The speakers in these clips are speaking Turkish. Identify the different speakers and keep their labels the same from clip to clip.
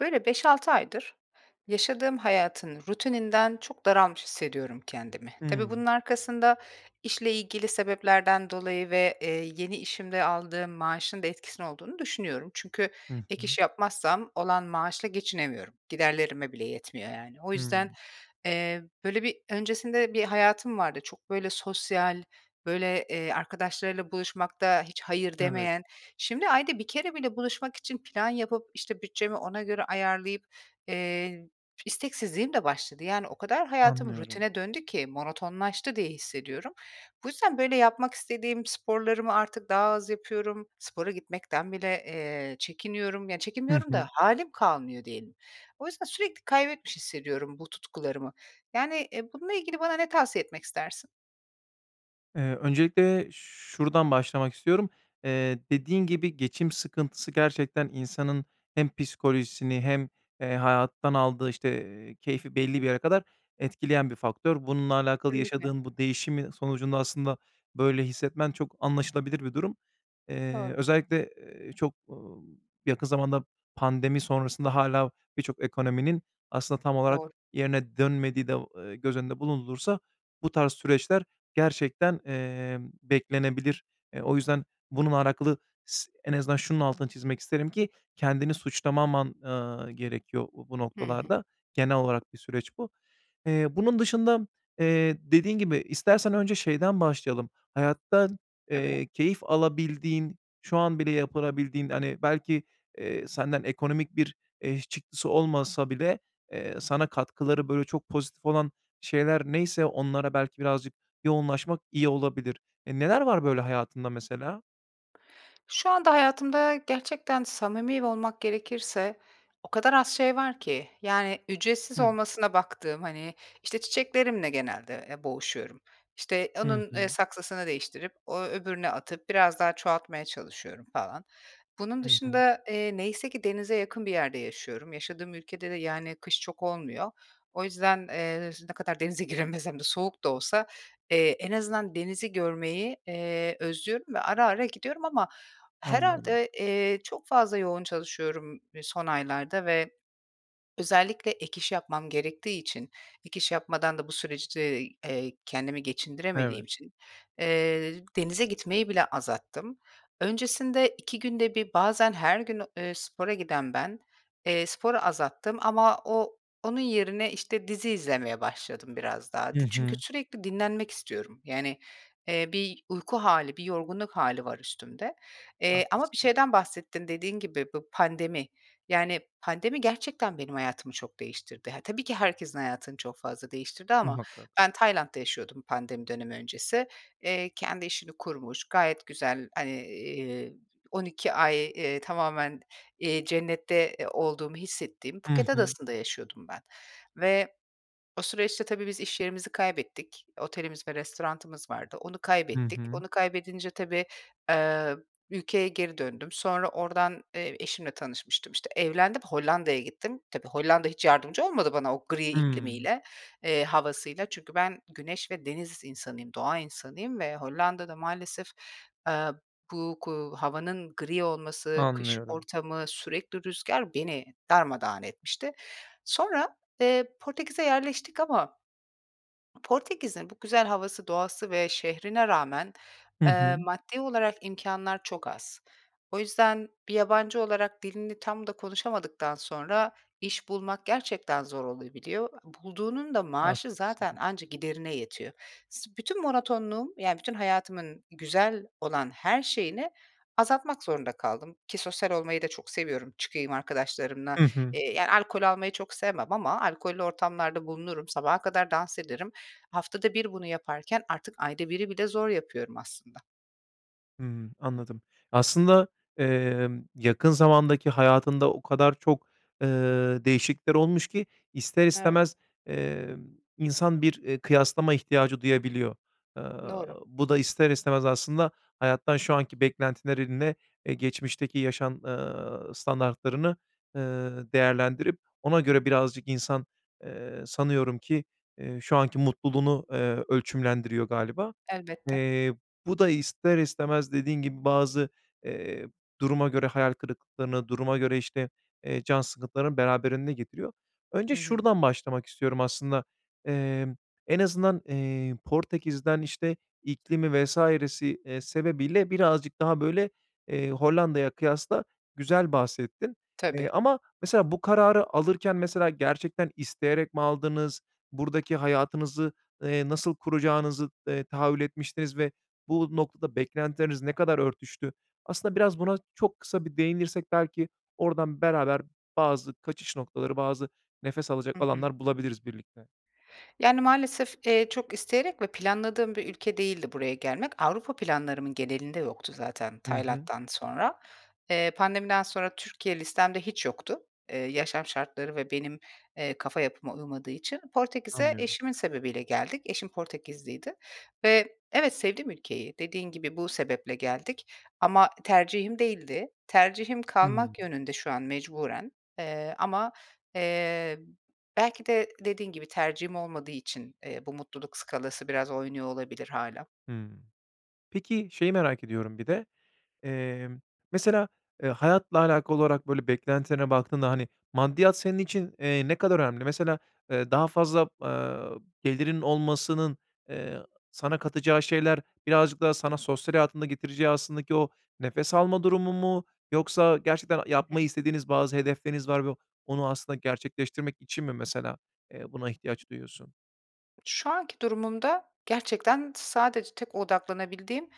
Speaker 1: Böyle, 5-6 aydır, yaşadığım hayatın rutininden çok daralmış hissediyorum kendimi. Tabii
Speaker 2: Hımm.
Speaker 1: bunun arkasında işle ilgili sebeplerden dolayı ve, eee, yeni işimde aldığım maaşında etkisinin olduğunu düşünüyorum. Çünkü
Speaker 2: Hı
Speaker 1: ek
Speaker 2: hı.
Speaker 1: iş yapmazsam olan maaşla geçinemiyorum. Giderlerime bile yetmiyor yani. O yüzden,
Speaker 2: Hımm.
Speaker 1: eee, böyle, bir öncesinde, bir hayatım vardı. Çok böyle sosyal, böyle, eee, arkadaşlarıyla buluşmakta hiç "hayır"
Speaker 2: Evet.
Speaker 1: demeyen. Şimdi ayda 1 kere bile buluşmak için plan yapıp, işte, bütçemi ona göre ayarlayıp, eee, isteksizliğim de başladı. Yani, o kadar hayatım
Speaker 2: Anlıyorum.
Speaker 1: rutine döndü ki monotonlaştı diye hissediyorum. Bu yüzden, böyle, yapmak istediğim sporlarımı artık daha az yapıyorum. Spora gitmekten bile, eee, çekiniyorum. Ya,
Speaker 2: Hı
Speaker 1: çekinmiyorum da
Speaker 2: hı.
Speaker 1: halim kalmıyor, diyelim. O yüzden sürekli kaybetmiş hissediyorum bu tutkularımı. Yani, eee, bununla ilgili bana ne tavsiye etmek istersin?
Speaker 2: Eee, öncelikle şuradan başlamak istiyorum: Eee, dediğin gibi geçim sıkıntısı, gerçekten insanın hem psikolojisini hem, eee, hayattan aldığı, işte, eee, keyfi belli bir yere kadar etkileyen bir faktör. Bununla alakalı
Speaker 1: Kesinlikle.
Speaker 2: yaşadığın bu değişimin sonucunda aslında böyle hissetmen çok anlaşılabilir bir durum. Eee,
Speaker 1: Doğru.
Speaker 2: özellikle, eee, çok, ımm, yakın zamanda pandemi sonrasında hâlâ birçok ekonominin aslında tam olarak
Speaker 1: Doğru.
Speaker 2: yerine dönmediği de, o eee, göz önünde bulundurulursa bu tarz süreçler gerçekten, eee, beklenebilir. Eee, o yüzden bununla alakalı s en azından şunun altını çizmek isterim ki kendini suçlamaman, ııı, gerekiyor bu, bu
Speaker 1: Hı hı.
Speaker 2: noktalarda. Genel olarak bir süreç bu. Eee, bunun dışında, eee, dediğin gibi istersen önce şeyden başlayalım, hayatta,
Speaker 1: Tabii.
Speaker 2: eee, keyif alabildiğin, şu an bile yapılabildiğin, hani, belki, eee, senden ekonomik bir, eee, çıktısı olmasa bile, eee, sana katkıları, böyle, çok pozitif olan şeyler neyse onlara belki birazcık yoğunlaşmak iyi olabilir. E, neler var böyle hayatında mesela?
Speaker 1: Şu anda hayatımda gerçekten samimi olmak gerekirse o kadar az şey var ki. Yani, ücretsiz
Speaker 2: Hı.
Speaker 1: olmasına baktığım, hani, işte, çiçeklerimle genelde, eee, boğuşuyorum. İşte,
Speaker 2: Hı
Speaker 1: onun, eee,
Speaker 2: hı.
Speaker 1: saksısını değiştirip, o öbürüne atıp biraz daha çoğaltmaya çalışıyorum falan. Bunun
Speaker 2: Hı hı.
Speaker 1: dışında, eee, neyse ki denize yakın bir yerde yaşıyorum. Yaşadığım ülkede de, yani, kış çok olmuyor. O yüzden, eee, ne kadar denize giremesem de soğuk da olsa, eee, en azından denizi görmeyi, eee, özlüyorum ve ara ara gidiyorum ama
Speaker 2: Anlıyorum.
Speaker 1: herhâlde, eee, çok fazla yoğun çalışıyorum son aylarda ve özellikle ek iş yapmam gerektiği için ek iş yapmadan da bu süreçte, eee, kendimi geçindiremediğim
Speaker 2: Evet.
Speaker 1: için, eee, denize gitmeyi bile azalttım. Öncesinde 2 günde 1 bazen her gün, eee, spora giden ben, eee, sporu azalttım. Ama o onun yerine, işte, dizi izlemeye başladım biraz daha.
Speaker 2: I
Speaker 1: Ti çünkü
Speaker 2: hı.
Speaker 1: sürekli dinlenmek istiyorum. Yani, eee, bir uyku hâli, bir yorgunluk hâli var üstümde. Eee, ama bir
Speaker 2: Haklısın.
Speaker 1: şeyden bahsettin: Dediğin gibi, bu pandemi. Yani, pandemi gerçekten benim hayatımı çok değiştirdi. Ha, tabii ki herkesin hayatını çok fazla değiştirdi ama
Speaker 2: Muhakkak.
Speaker 1: ben Tayland'da yaşıyordum pandemi dönemi öncesi. Eee, kendi işini kurmuş, gayet güzel, hani, eee, 12 ay, eee, tamamen, eee, cennette, eee, olduğumu hissettiğim
Speaker 2: Hı
Speaker 1: Phuket
Speaker 2: hı.
Speaker 1: Adası'nda yaşıyordum ben ve o süreçte tabii biz iş yerimizi kaybettik. Otelimiz ve restoranımız vardı. Onu
Speaker 2: Hı
Speaker 1: kaybettik.
Speaker 2: hı.
Speaker 1: Onu kaybedince tabii, eee, ülkeye geri döndüm. Sonra oradan, eee, eşimle tanışmıştım, işte. Evlendim, Hollanda'ya gittim. Tabii Hollanda hiç yardımcı olmadı bana, o gri
Speaker 2: Hımm.
Speaker 1: iklimiyle, eee, havasıyla. Çünkü ben, güneş ve deniz insanıyım, doğa insanıyım ve Hollanda da maalesef, eee, bu ku havanın gri olması, kış
Speaker 2: Anlıyorum.
Speaker 1: ortamı, sürekli rüzgâr beni darmadağın etmişti. Sonra, eee, Portekiz'e yerleştik ama Portekiz'in bu güzel havası, doğası ve şehrine rağmen,
Speaker 2: Hı hı.
Speaker 1: eee, maddi olarak imkânlar çok az. O yüzden, bir yabancı olarak dilini tam da konuşamadıktan sonra iş bulmak gerçekten zor olabiliyor. Bulduğunun da maaşı zaten
Speaker 2: Haklısın.
Speaker 1: anca giderine yetiyor. S bütün monotonluğum, yani, bütün hayatımın güzel olan her şeyini azaltmak zorunda kaldım. Ki sosyal olmayı da çok seviyorum, çıkayım arkadaşlarımla.
Speaker 2: Hı hı.
Speaker 1: Eee, yani, alkol almayı çok sevmem ama alkollü ortamlarda bulunurum. Sabaha kadar dans ederim. Haftada 1 bunu yaparken artık ayda 1'i bile zor yapıyorum aslında.
Speaker 2: Hımm. Anladım. Aslında, emm, yakın zamandaki hayatında o kadar çok, eee, değişiklikler olmuş ki ister
Speaker 1: Evet.
Speaker 2: istemez, eee, insan bir, eee, kıyaslama ihtiyacı duyabiliyor. Aaa,
Speaker 1: Doğru.
Speaker 2: bu da ister istemez aslında hayattan şu anki beklentilerinle, eee, geçmişteki yaşam, eee, standartlarını, eee, değerlendirip ona göre birazcık insan, eee, sanıyorum ki, eee, şu anki mutluluğunu, eee, ölçümlendiriyor galiba.
Speaker 1: Elbette.
Speaker 2: Eee, bu da ister istemez, dediğin gibi, bazı, eee, duruma göre hayal kırıklıklarını, duruma göre, işte, eee, can sıkıntılarını, beraberinde getiriyor.
Speaker 1: Hı
Speaker 2: Önce
Speaker 1: hı.
Speaker 2: şuradan başlamak istiyorum aslında. Eee, en azından, eee, Portekiz'den işte, iklimi vs. eee, sebebiyle birazcık daha, böyle, eee, Hollanda'ya kıyasla güzel bahsettin. Eee,
Speaker 1: Tabii.
Speaker 2: ama mesela bu kararı alırken, mesela, gerçekten isteyerek mi aldınız, buradaki hayatınızı, eee, nasıl kuracağınızı, eee, tahayyül etmiştiniz ve bu noktada beklentileriniz ne kadar örtüştü? Aslında biraz buna çok kısa bir değinirsek belki oradan beraber bazı kaçış noktaları, bazı nefes alacak
Speaker 1: Hı hı.
Speaker 2: alanlar bulabiliriz birlikte.
Speaker 1: Yani, maalesef, eee, çok isteyerek ve planladığım bir ülke değildi buraya gelmek. Avrupa planlarımın genelinde yoktu zaten
Speaker 2: Hı hı.
Speaker 1: Tayland'dan sonra. Eee, pandemiden sonra Türkiye listemde hiç yoktu. Eee, yaşam şartları ve benim, eee, kafa yapıma uymadığı için. Portekiz'e
Speaker 2: Anlıyorum.
Speaker 1: eşimin sebebiyle geldik. Eşim Portekizliydi ve evet, sevdim ülkeyi. Dediğin gibi bu sebeple geldik ama tercihim değildi. Tercihim,
Speaker 2: Hımm.
Speaker 1: kalmak yönünde şu an mecburen. Eee, ama, eee, belki de dediğin gibi tercihim olmadığı için, eee, bu mutluluk skalası biraz oynuyor olabilir hâlâ.
Speaker 2: Hımm. Peki, şeyi merak ediyorum bir de: Eee, mesela, eee, hayatla alakalı olarak böyle beklentilerine baktığında, hani, maddiyat senin için, eee, ne kadar önemli? Mesela, eee, daha fazla, eee, gelirin olmasının, eee, sana katacağı şeyler birazcık daha sana sosyal hayatında getireceği aslında ki o nefes alma durumu mu yoksa gerçekten
Speaker 1: Hı
Speaker 2: yapmayı
Speaker 1: hı.
Speaker 2: istediğiniz bazı hedefleriniz var ve onu aslında gerçekleştirmek için mi mesela, eee, buna ihtiyaç duyuyorsun?
Speaker 1: Şu anki durumumda gerçekten sadece tek odaklanabildiğim,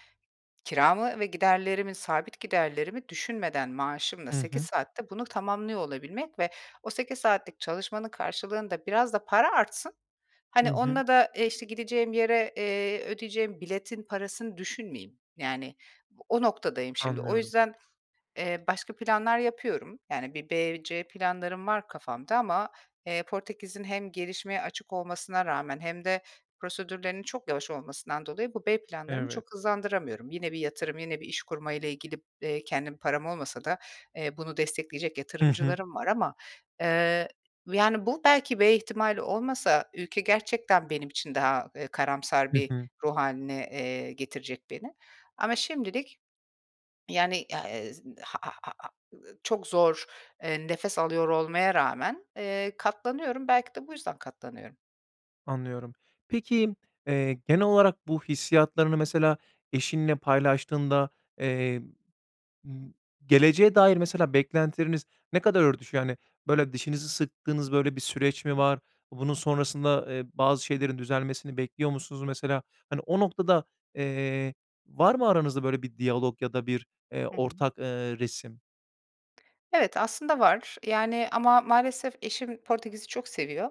Speaker 1: kiramı ve giderlerimi, sabit giderlerimi düşünmeden maaşımla
Speaker 2: Hı
Speaker 1: 8
Speaker 2: hı.
Speaker 1: saatte bunu tamamlıyor olabilmek ve o 8 saatlik çalışmanın karşılığında biraz da para artsın.
Speaker 2: Hı
Speaker 1: Hani,
Speaker 2: hı.
Speaker 1: onunla da, eee, işte, gideceğim yere, eee, ödeyeceğim biletin parasını düşünmeyeyim. Yani, o noktadayım şimdi. O
Speaker 2: Anlıyorum.
Speaker 1: yüzden, eee, başka planlar yapıyorum. Yani, bir B, C planlarım var kafamda ama, eee, Portekiz'in hem gelişmeye açık olmasına rağmen hem de prosedürlerinin çok yavaş olmasından dolayı, bu B planlarımı
Speaker 2: Evet.
Speaker 1: çok hızlandıramıyorum. Yine bir yatırım, yine bir iş kurmayla ilgili, eee, kendim param olmasa da, eee, bunu destekleyecek
Speaker 2: Hı hı.
Speaker 1: yatırımcılarım var ama. Eee, yani, bu belki B ihtimali olmasa ülke gerçekten benim için daha, eee, karamsar
Speaker 2: Hı
Speaker 1: bir
Speaker 2: hı.
Speaker 1: ruh hâline, eee, getirecek beni. Ama şimdilik, yani, a eee, z [unintelligible] ııı, çok zor, eee, nefes alıyor olmaya rağmen, eee, katlanıyorum. Belki de bu yüzden katlanıyorum.
Speaker 2: Anlıyorum. Peki, eee, genel olarak bu hissiyatlarını mesela eşinle paylaştığında, eee, ımm, geleceğe dair mesela beklentileriniz ne kadar örtüşüyor? Hani, böyle, dişinizi sıktığınız, böyle, bir süreç mi
Speaker 1: Hı.
Speaker 2: var? Bunun sonrasında, eee, bazı şeylerin düzelmesini bekliyor musunuz mesela? Hani, o noktada, eee, var mı aranızda böyle bir diyalog ya da bir, eee,
Speaker 1: Hı hı.
Speaker 2: ortak, eee, resim?
Speaker 1: Evet, aslında var. Yani, ama maalesef eşim Portekiz'i çok seviyor.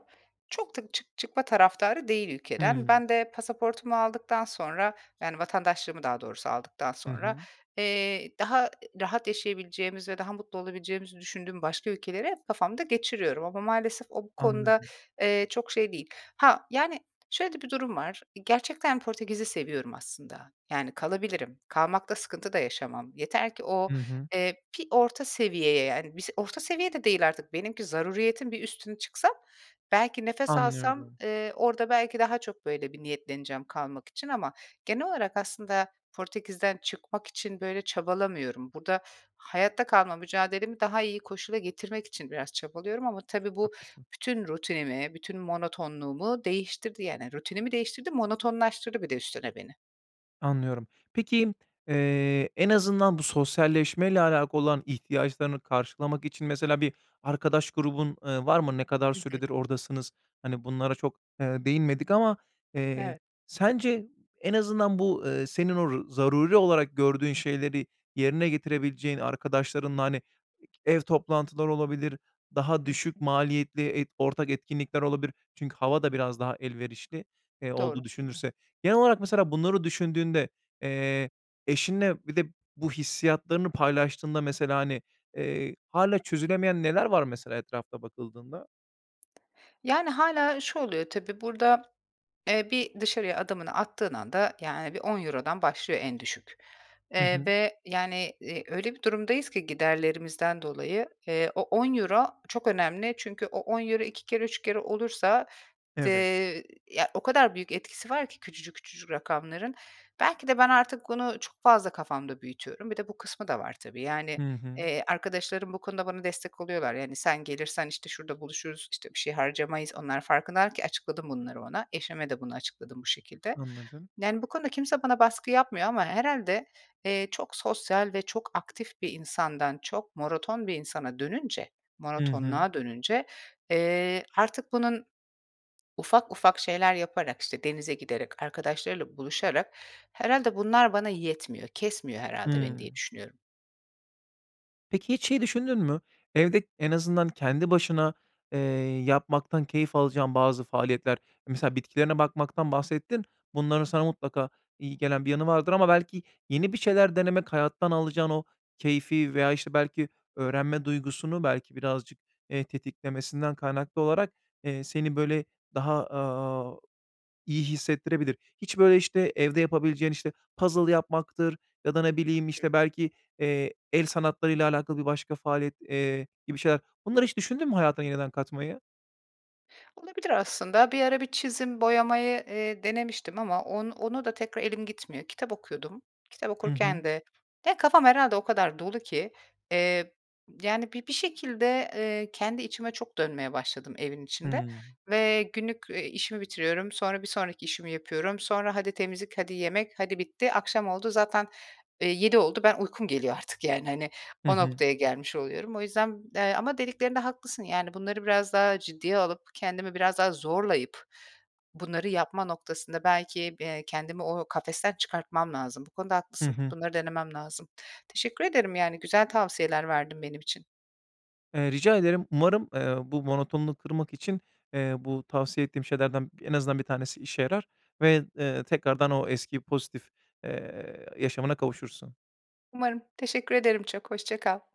Speaker 1: Çok da çık çıkma taraftarı değil ülkeden.
Speaker 2: Hıı.
Speaker 1: Ben de pasaportumu aldıktan sonra, yani, vatandaşlığımı daha doğrusu aldıktan
Speaker 2: Hı
Speaker 1: sonra,
Speaker 2: hı.
Speaker 1: eee, daha, eee, rahat yaşayabileceğimizi ve daha mutlu olabileceğimizi düşündüğüm başka ülkeleri hep kafamda geçiriyorum. Ama maalesef o, bu konuda,
Speaker 2: Anladım.
Speaker 1: eee, çok şey değil. Ha, yani, şöyle de bir durum var: Gerçekten Portekiz'i seviyorum aslında. Yani kalabilirim. Kalmakta sıkıntı da yaşamam. Yeter ki o,
Speaker 2: Hı hı.
Speaker 1: eee, bir orta seviyeye, yani, bis orta seviye de değil artık. Benimki zaruretin bir üstüne çıksa belki nefes alsam,
Speaker 2: Anlıyorum.
Speaker 1: eee, orada belki daha çok böyle bir niyetleneceğim kalmak için ama genel olarak aslında Portekiz'den çıkmak için, böyle, çabalamıyorum. Burada hayatta kalma mücadelemi daha iyi koşula getirmek için biraz çabalıyorum. Ama tabii
Speaker 2: Çok
Speaker 1: bu,
Speaker 2: haklısın.
Speaker 1: bütün rutinimi, bütün monotonluğumu değiştirdi, yani. Rutinimi değiştirdi, monotonlaştırdı bir de üstüne beni.
Speaker 2: Anlıyorum. Peki, eee, en azından bu sosyalleşmeyle alakalı olan ihtiyaçlarını karşılamak için mesela bir arkadaş grubun, eee, var mı? Ne kadar
Speaker 1: Hı hı.
Speaker 2: süredir oradasınız? Hani, bunlara çok, eee, değinmedik ama, eee,
Speaker 1: Evet.
Speaker 2: sence en azından bu, eee, senin o ru zaruri olarak gördüğün şeyleri yerine getirebileceğin arkadaşlarınla, hani, ev toplantıları olabilir, daha
Speaker 1: Hı hı
Speaker 2: düşük
Speaker 1: hı.
Speaker 2: maliyetli et ortak etkinlikler olabilir, çünkü hava da biraz daha elverişli, eee,
Speaker 1: Doğru.
Speaker 2: olduğu düşünülürse... Genel olarak, mesela, bunları düşündüğünde, eee, eşinle bir de bu hissiyatlarını paylaştığında mesela, hani, eee, hâlâ çözülemeyen neler var mesela etrafa bakıldığında?
Speaker 1: Yani, hâlâ şu oluyor: Tabii, burada, eee, bir dışarıya adımını attığın anda, yani, hani, bir €10'dan başlıyor en düşük.
Speaker 2: Hı
Speaker 1: Eee,
Speaker 2: hı.
Speaker 1: ve, yani, eee, öyle bir durumdayız ki giderlerimizden dolayı, eee, o €10 çok önemli. Çünkü o €10 2 kere, 3 kere olursa,
Speaker 2: Evet.
Speaker 1: eee, ya, o kadar büyük etkisi var ki küçücük küçücük rakamların. Belki de ben artık bunu çok fazla kafamda büyütüyorum. Bir de bu kısmı da var tabii.
Speaker 2: Hı
Speaker 1: Yani,
Speaker 2: hı.
Speaker 1: eee, arkadaşlarım bu konuda bana destek oluyorlar. Yani, "Sen gelirsen, işte, şurada buluşuruz, işte, bir şey harcamayız." Onlar farkındalar ki açıkladım bunları ona. Eşime de bunu açıkladım bu şekilde.
Speaker 2: Anladım.
Speaker 1: Yani, bu konuda kimse bana baskı yapmıyor ama herhâlde, eee, çok sosyal ve çok aktif bir insandan çok monoton bir insana dönünce,
Speaker 2: Hı hı.
Speaker 1: monotonluğa dönünce, eee, artık bunun ufak ufak şeyler yaparak, işte, denize giderek, arkadaşlarıyla buluşarak herhâlde bunlar bana yetmiyor, kesmiyor herhâlde beni diye
Speaker 2: Hımm.
Speaker 1: düşünüyorum.
Speaker 2: Peki, hiç şeyi düşündün mü: Evde en azından kendi başına, eee, yapmaktan keyif alacağın bazı faaliyetler, mesela bitkilerine bakmaktan bahsettin, bunların sana mutlaka iyi gelen bir yanı vardır ama belki yeni bir şeyler denemek, hayattan alacağın o keyfi veya, işte, belki öğrenme duygusunu belki birazcık, eee, tetiklemesinden kaynaklı olarak, eee, seni, böyle, daha, aaa, iyi hissettirebilir. Hiç, böyle, işte, evde yapabileceğin, işte, puzzle yapmaktır ya da ne bileyim,
Speaker 1: [unintelligible]
Speaker 2: işte, belki, eee, el sanatlarıyla alakalı bir başka faaliyet, eee, gibi şeyler. Bunları hiç düşündün mü hayatına yeniden katmayı?
Speaker 1: Olabilir aslında. Bir ara bir çizim boyamayı, eee, denemiştim ama on ona da tekrar elim gitmiyor. Kitap okuyordum. Kitap
Speaker 2: Hı hı.
Speaker 1: okurken de... de kafam herhâlde o kadar dolu ki. Eee, yani, bi bir şekilde, eee, kendi içime çok dönmeye başladım evin içinde.
Speaker 2: Hıı.
Speaker 1: Ve günlük, eee, işimi bitiriyorum. Sonra bir sonraki işimi yapıyorum. Sonra hadi temizlik. Hadi yemek. Hadi bitti. Akşam oldu. Zaten, eee, 19.00 oldu. Ben uykum geliyor artık yani, hani.
Speaker 2: Hı
Speaker 1: O
Speaker 2: hı.
Speaker 1: noktaya gelmiş oluyorum. O yüzden, eee, ama dediklerinde haklısın, yani, bunları biraz daha ciddiye alıp, kendimi biraz daha zorlayıp bunları yapma noktasında belki, eee, kendimi o kafesten çıkartmam lazım. Bu konuda
Speaker 2: Hı
Speaker 1: haklısın.
Speaker 2: hı.
Speaker 1: Bunları denemem lazım. Teşekkür ederim, yani güzel tavsiyeler verdin benim için.
Speaker 2: Eee, rica ederim. Umarım, eee, bu monotonunu kırmak için, eee, bu tavsiye ettiğim şeylerden en azından 1 tanesi işe yarar ve, eee, tekrardan o eski pozitif, eee, yaşamına kavuşursun.
Speaker 1: Umarım. Teşekkür ederim çok. Hoşça kal.